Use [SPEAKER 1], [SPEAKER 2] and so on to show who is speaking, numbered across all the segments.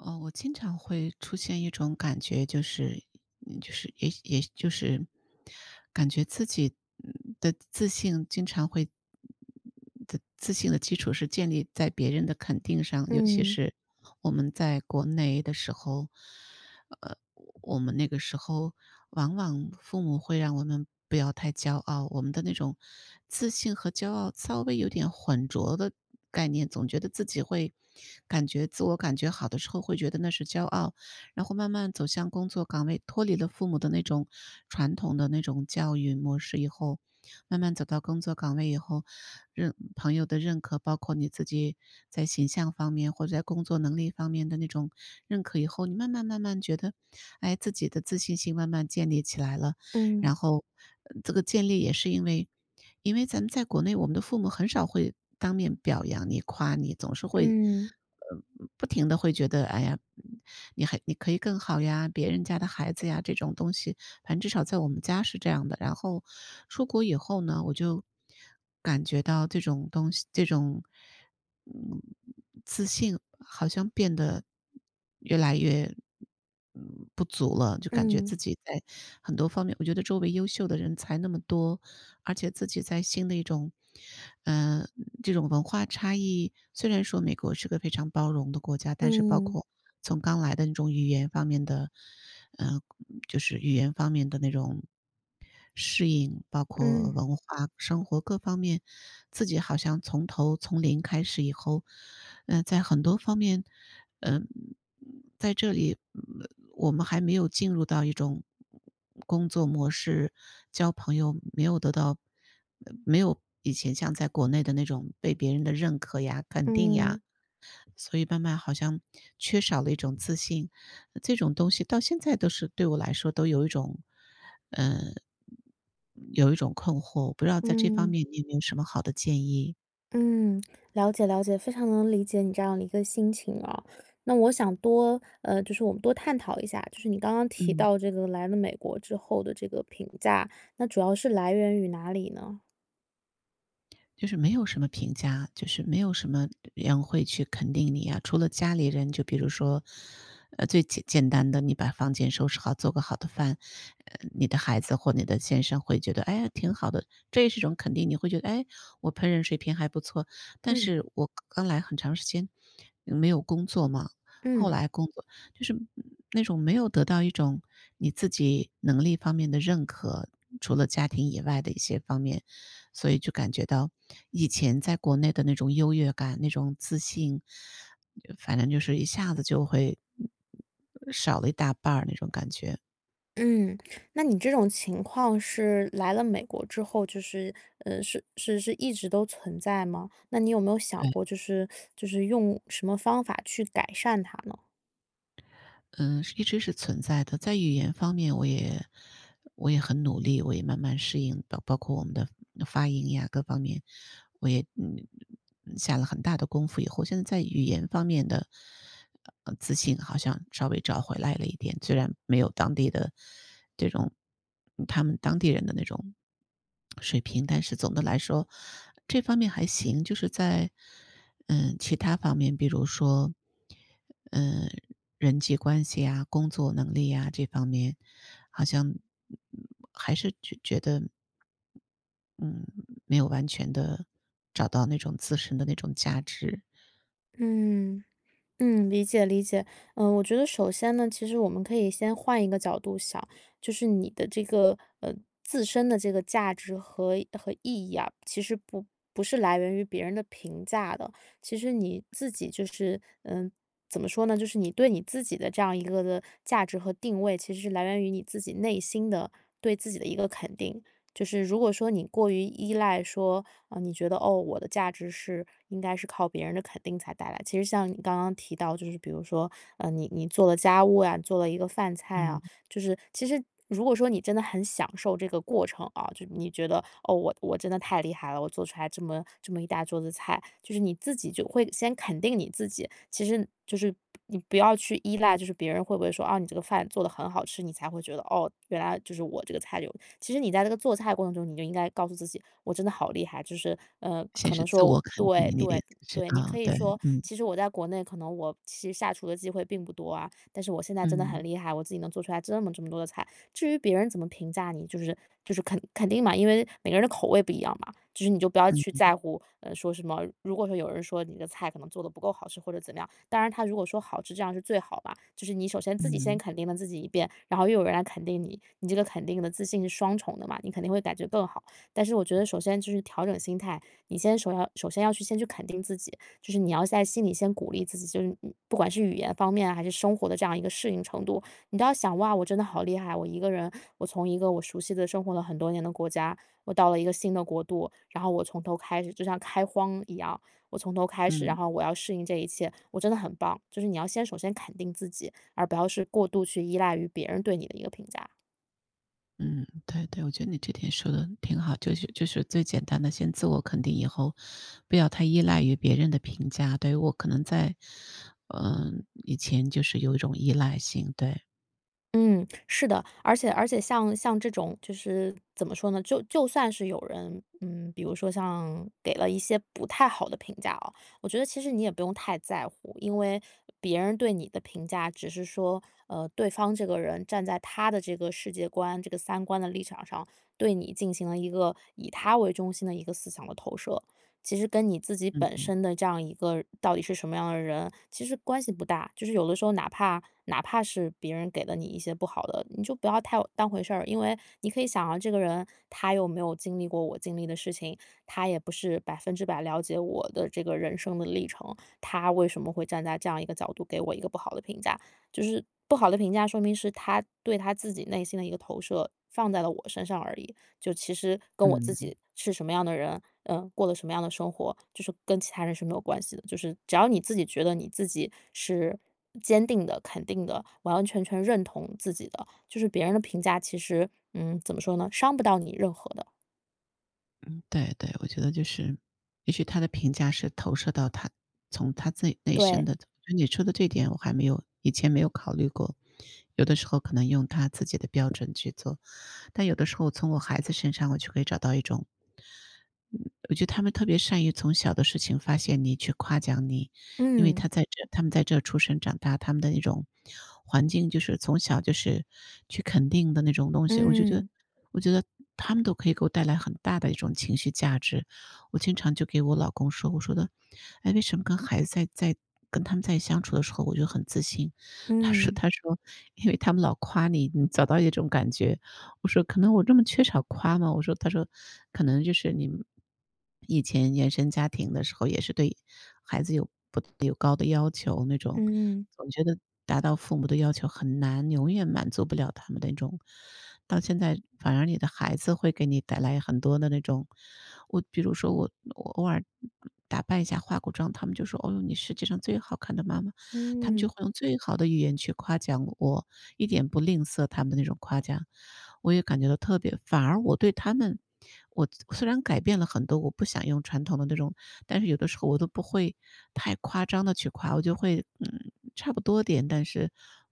[SPEAKER 1] 呃，我经常会出现一种感觉，就是就是也也就是。感觉自己，呃，的自信经常会的，自信的基础是建立在别人的肯定上，尤其
[SPEAKER 2] 嗯。
[SPEAKER 1] 是我们在国内的时候，呃，我们那个时候往往父母会让我们不要太骄傲，我们的那种自信和骄傲稍微有点混浊的概念，总觉得自己会，感觉自我感觉好的时候，会觉得那是骄傲。然后慢慢走向工作岗位，脱离了父母的那种传统的那种教育模式以后，慢慢走到工作岗位以后，认朋友的认可，包括你自己在形象方面，或者在工作能力方面的那种认可以后，你慢慢慢慢觉得，哎，自己的自信心慢慢建立起来了，然
[SPEAKER 2] 嗯。
[SPEAKER 1] 后，呃，这个建立也是因为因为咱们在国内，我们的父母很少会当面表扬你、夸你，总是会，
[SPEAKER 2] 嗯。
[SPEAKER 1] 呃，不不停地会觉得，哎呀，你还你可以更好呀，别人家的孩子呀，这种东西，反正至少在我们家是这样的。然后出国以后呢，我就感觉到这种东西这种，自信好像变得越来越不足了，就感觉
[SPEAKER 2] 嗯。
[SPEAKER 1] 自己在很多方面我觉得周围优秀的人才那么多，而且自己在新的一种呃，这种文化差异，虽然说美国是个非常包容的国家，但是包
[SPEAKER 2] 嗯。
[SPEAKER 1] 括从刚来的那种语言方面的呃，就是语言方面的那种适应，包括
[SPEAKER 2] 嗯。
[SPEAKER 1] 文化生活各方面，自己好像从头从零开始以后，呃，在很多方面，呃，在这里，呃，我们还没有进入到一种工作模式，交朋友没有得到没有以前像在国内的那种被别人的认可呀，肯定呀。
[SPEAKER 2] 嗯。
[SPEAKER 1] 所以慢慢好像缺少了一种自信，这种东西到现在都是对我来说都有一种呃，有一种困惑，我不知道在这方
[SPEAKER 2] 嗯。
[SPEAKER 1] 面你有没有什么好的建议。
[SPEAKER 2] 嗯，了解了解，非常能理解你这样的一个心情啊。那我想多呃，就是我们多探讨一下，就是你刚刚提
[SPEAKER 1] 嗯。
[SPEAKER 2] 到这个来了美国之后的这个评价，那主要是来源于哪里呢？
[SPEAKER 1] 就是没有什么评价，就是没有什么人会去肯定你呀，除了家里人就比如说呃，最简简单的，你把房间收拾好，做个好的饭，呃，你的孩子或你的先生会觉得：“诶！挺好的！“这也是一种肯定。你会觉得：”诶？我烹饪水平还不错。”但
[SPEAKER 2] 嗯。
[SPEAKER 1] 是我刚来很长时间，没有工作嘛，后
[SPEAKER 2] 嗯。
[SPEAKER 1] 来工作就是那种，没有得到一种你自己能力方面的认可，除了家庭以外的一些方面。所以就感觉到，以前在国内的那种优越感、那种自信，反正就是一下子就会少了一大半儿那种感觉。
[SPEAKER 2] 嗯，那你这种情况是，来了美国之后，就是呃，是是是一直都存在吗？那你有没有想
[SPEAKER 1] 对。
[SPEAKER 2] 过就是 就是用什么方法去改善它呢？
[SPEAKER 1] 嗯，是一直是存在的，在语言方面我也我也很努力，我也慢慢适应到，包括我们的发音呀各方面，我也，嗯嗯，下了很大的功夫。以后现在在语言方面的，呃，自信好像稍微找回来了一点。虽然没有当地的，这种他们当地人的那种水平，但是总的来说这方面还行。就是在，嗯，其它方面，比如说，呃，人际关系呀、工作能力呀、这方面。好像还是觉觉得嗯，没有完全的，找到那种自身的那种价值。
[SPEAKER 2] 嗯，嗯，理解理解。呃，我觉得首先呢，其实我们可以先换一个角度想，就是你的这个，呃，自身的这个价值和和意义啊，其实不不是来源于别人的评价的。其实你自己就是呃，怎么说呢？就是你对你自己的这样一个的价值和定位，其实是来源于你自己内心的，对自己的一个肯定。就是如果说你过于依赖说，哦，你觉得，哦，我的价值是应该是靠别人的肯定才带来，其实像你刚刚提到就是比如说，呃，你你做了家务啊，做了一个饭菜啊、
[SPEAKER 1] 嗯。
[SPEAKER 2] 就是其实如果说你真的很享受这个过程啊，就是你觉得，哦，我我真的太厉害了，我做出来这么这么一大桌子菜，就是你自己就会先肯定你自己。其实就是，不你不要去依赖就是别人会不会说，“哦你这个饭做得很好吃”，你才会觉得，哦，原来就是我这个菜有。其实你在这个做菜过程中，你就应该告诉自己，“我真的好厉害”。就是，呃，
[SPEAKER 1] 先
[SPEAKER 2] 可
[SPEAKER 1] 是
[SPEAKER 2] 能
[SPEAKER 1] 自
[SPEAKER 2] 说
[SPEAKER 1] 我肯定
[SPEAKER 2] 对-
[SPEAKER 1] 你的意
[SPEAKER 2] 对-
[SPEAKER 1] 思是，
[SPEAKER 2] 对，你可
[SPEAKER 1] 呃，
[SPEAKER 2] 以
[SPEAKER 1] 对，
[SPEAKER 2] 说：
[SPEAKER 1] 嗯。
[SPEAKER 2] “其实我在国内可能我其实下厨的机会并不多啊，但是我现在真的
[SPEAKER 1] 嗯。
[SPEAKER 2] 很厉害，我自己能做出来这么这么多的菜”。至于别人怎么评价你就是就是肯肯定嘛，因为每个人的口味不一样嘛，就是你就不要
[SPEAKER 1] 嗯
[SPEAKER 2] 去
[SPEAKER 1] 嗯。
[SPEAKER 2] 在乎，呃，说什么如果说有人说你的菜可能做得不够好吃或者怎么样，当然他如果说好吃，这样是最好吧。就是你首先自己先
[SPEAKER 1] 嗯。
[SPEAKER 2] 肯定了自己一遍，然后又有人来肯定你。你这个肯定的自信是双重的嘛，你肯定会感觉更好。但是我觉得首先就是调整心态，你先首要首先要去先去肯定自己，就是你要在心里先鼓励自己，就是，呃，不管是语言方面，还是生活的这样一个适应程度，你都要想：哇，我真的好厉害。我一个人，我从一个我熟悉的生活了很多年的国家，我到了一个新的国度，然后我从头开始，就像开荒一样，我从头开始，然
[SPEAKER 1] 嗯。
[SPEAKER 2] 后我要适应这一切，我真的很棒。就是你要先首先肯定自己，而不要是过度去依赖于别人对你的一个评价。
[SPEAKER 1] 嗯，对对，我觉得你这点说得挺好，就是就是最简单地先自我肯定以后，不要太依赖于别人的评价，对，我可能在，呃，以前就是有一种依赖性，对。
[SPEAKER 2] 嗯，是的。而且而且像像这种就是，怎么说呢？就就算是有人嗯，比如说像给了一些不太好的评价哦，我觉得其实你也不用太在乎，因为别人对你的评价，只是说，呃，对方这个人站在他的世界观，这个三观的立场上，对你进行了一个以他为中心的一个思想的投射。其实跟你自己
[SPEAKER 1] 嗯
[SPEAKER 2] 本
[SPEAKER 1] 嗯。
[SPEAKER 2] 身的这样一个到底是什么样的人，其实关系不大。就是有的时候哪怕哪怕是别人给了你一些不好的，你就不要太当回事儿。因为你可以想象这个人他有没有经历过我经历的事情，他也不是100%了解我的这个人生的历程，他为什么会站在这样一个角度给我一个不好的评价？就是不好的评价，说明是他对他自己内心的一个投射放在了我身上而已。就其实跟我自
[SPEAKER 1] 嗯。
[SPEAKER 2] 己是什么样的人，嗯，过着什么样的生活，就是跟其他人是没有关系的，就是只要你自己觉得你自己是坚定的、肯定的，完完全全认同自己的，就是别人的评价其实嗯，怎么说呢？伤不到你任何的。
[SPEAKER 1] 嗯，对对，我觉得就是，也许他的评价是投射到他从他自己内心
[SPEAKER 2] 对。
[SPEAKER 1] 的就你说的这点我还没有以前没有考虑过。有的时候可能用他自己的标准去做，但有的时候从我孩子身上，我就可以找到一种嗯，我觉得他们特别善于从小的事情发现你、去夸奖你，因为
[SPEAKER 2] 嗯。
[SPEAKER 1] 他在这他们在这出生长大，他们的那种环境就是从小就是去肯定的那种东西，我就觉得
[SPEAKER 2] 嗯。
[SPEAKER 1] 我觉得他们都可以给我带来很大的一种情绪价值。我经常就给我老公说，我说的：“诶？为什么跟孩子在在跟他们在相处的时候，我就很自信？“他说
[SPEAKER 2] 嗯。
[SPEAKER 1] 他说：”因为他们老夸你，你找到一种感觉。”我说：“可能我这么缺少夸吗？“我说，他说：“可能就是你以前原生家庭的时候，也是对孩子有有高的要求，那种
[SPEAKER 2] 嗯。
[SPEAKER 1] 总觉得达到父母的要求很难，永远满足不了他们那种到现在反而你的孩子会给你带来很多的那种。”我比如说我我偶尔打扮一下化个妆，他们就说：”哦哟，你世界上最好看的妈妈！”他们就
[SPEAKER 2] 嗯。
[SPEAKER 1] 会用最好的语言去夸奖我，一点不吝啬他们的那种夸奖，我也感觉到特别反而我对他们，我虽然改变了很多，我不想用传统的那种，但是有的时候我都不会太夸张地去夸，我就会，嗯，差不多点，但是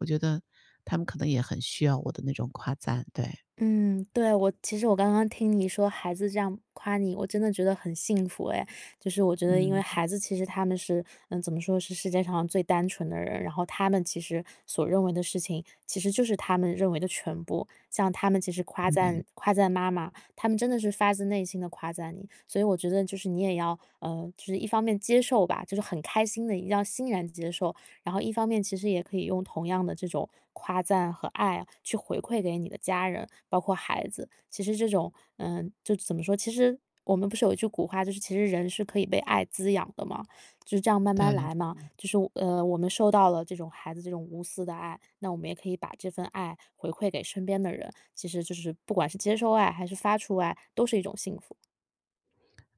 [SPEAKER 1] 我觉得，他们可能也很需要我的那种夸赞，对。
[SPEAKER 2] 嗯，对，我其实我刚刚听你说孩子这样夸你，我真的觉得很幸福哎。就是我觉得因为
[SPEAKER 1] 嗯。
[SPEAKER 2] 孩子其实他们是嗯，怎么说，是世界上最单纯的人，然后他们其实所认为的事情，其实就是他们认为的全部，像他们其实夸
[SPEAKER 1] 对。
[SPEAKER 2] 赞夸赞妈妈，他们真的是发自内心地夸赞你，所以我觉得就是你也要，呃，就是一方面接受吧，就是很开心地一定要欣然接受，然后一方面其实也可以用同样的这种夸赞和爱去回馈给你的家人，包括孩子。其实这种嗯，就怎么说，其实我们不是有一句古话，就是：“其实人是可以被爱滋养的，”嘛。就是这样慢
[SPEAKER 1] 对，
[SPEAKER 2] 慢来嘛，
[SPEAKER 1] 嗯。
[SPEAKER 2] 就是，呃，我们受到了这种孩子这种无私的爱，那我们也可以把这份爱回馈给身边的人，其实就是不管是接受爱还是发出爱，都是一种幸福。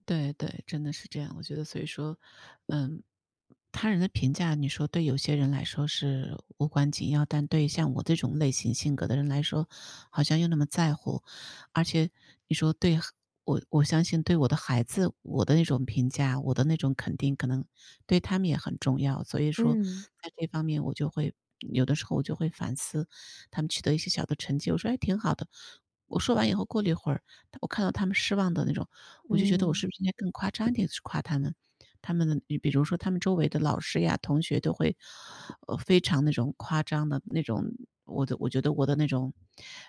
[SPEAKER 1] 对对，真的是这样。我觉得所以说嗯，他人的评价，你说对有些人来说是无关紧要，但对像我这种类型性格的人来说，好像又那么在乎。而且你说得对。我我相信对我的孩子，我的那种评价，我的那种肯定，可能对他们也很重要，所以说
[SPEAKER 2] 嗯。
[SPEAKER 1] 在这方面我就会有的时候我就会反思，他们取得一些小的成绩，我说：“诶，挺好的！”我说完以后过了一会儿，我看到他们失望的那种，我就觉得，我
[SPEAKER 2] 嗯。
[SPEAKER 1] 是不是应该更夸张一点去夸他们。他们比如说，他们周围的老师呀，同学都会呃，非常那种，夸张的那种，我的我觉得我的那种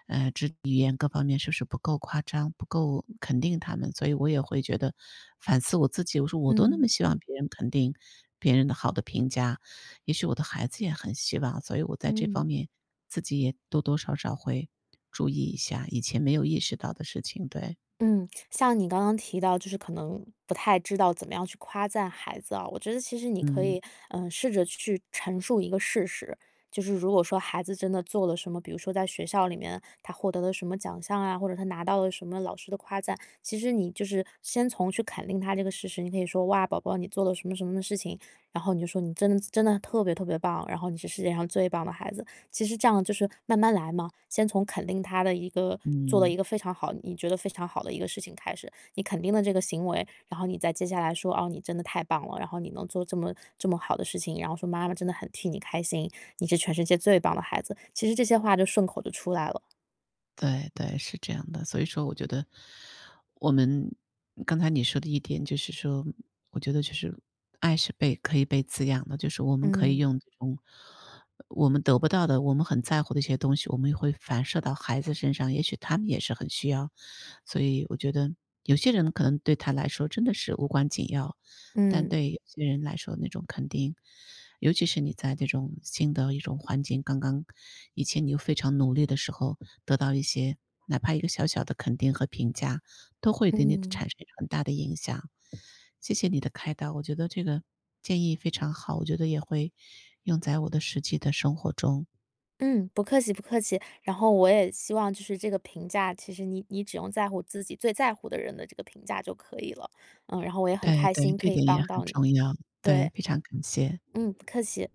[SPEAKER 1] 呃，这语言各方面是不是不够夸张，不够肯定他们，所以我也会觉得，反思我自己，我说我都那么
[SPEAKER 2] 嗯。
[SPEAKER 1] 希望别人肯定，别人的好的评价，也许我的孩子也很希望。所以我在这方
[SPEAKER 2] 嗯。
[SPEAKER 1] 面，自己也多多少少会注意一下，以前没有意识到的事情。对。
[SPEAKER 2] 嗯，像你刚刚提到，就是可能，不太知道怎么样去夸赞孩子啊，我觉得其实你可
[SPEAKER 1] 嗯。
[SPEAKER 2] 以，呃，试着去陈述一个事实。就是如果说孩子真的做了什么，比如说在学校里面，他获得了什么奖项啊，或者他拿到了什么老师的夸赞，其实你就是先从去肯定他这个事实，你可以说：“哇，宝宝你做了什么什么事情，”然后你就说：”你真的真的特别特别棒，然后你是世界上最棒的孩子。“其实这样就是慢慢来嘛，先从肯定他的一个做了
[SPEAKER 1] 嗯。
[SPEAKER 2] 一个非常好，你觉得非常好的一个事情开始，你肯定了这个行为，然后你再接下来说：“哦，你真的太棒了，然后你能做这么这么好的事情，然后说妈妈真的很替你开心，你是全世界最棒的孩子。”其实这些话就顺口就出来了。
[SPEAKER 1] 对对，是这样的。所以说我觉得，我们刚才你说的一点，就是说，我觉得就是，爱是被可以被滋养的，就是我们可以
[SPEAKER 2] 嗯。
[SPEAKER 1] 用这种我们得不到的，我们很在乎的一些东西，我们也会反射到孩子身上，也许他们也是很需要。所以我觉得，有些人可能对他来说真的是无关紧要，但
[SPEAKER 2] 嗯。
[SPEAKER 1] 对有些人来说那种肯定。尤其是你在这种新的一种环境，刚刚以前你又非常努力的时候，得到一些哪怕一个小小的肯定和评价，都会对你
[SPEAKER 2] 嗯。
[SPEAKER 1] 产生很大的影响。谢谢你的开导，我觉得这个建议非常好。我觉得也会用在我的实际的生活中。
[SPEAKER 2] 嗯，不客气不客气。然后我也希望就是这个评价，其实，你你只用在乎自己最在乎的人的这个评价就可以了。嗯，然后我也很
[SPEAKER 1] 对
[SPEAKER 2] 开
[SPEAKER 1] 对，
[SPEAKER 2] 心
[SPEAKER 1] 这
[SPEAKER 2] 可以
[SPEAKER 1] 点也
[SPEAKER 2] 帮
[SPEAKER 1] 很
[SPEAKER 2] 到你。
[SPEAKER 1] 重要。对，
[SPEAKER 2] 对。
[SPEAKER 1] 非常感谢。
[SPEAKER 2] 嗯，不客气。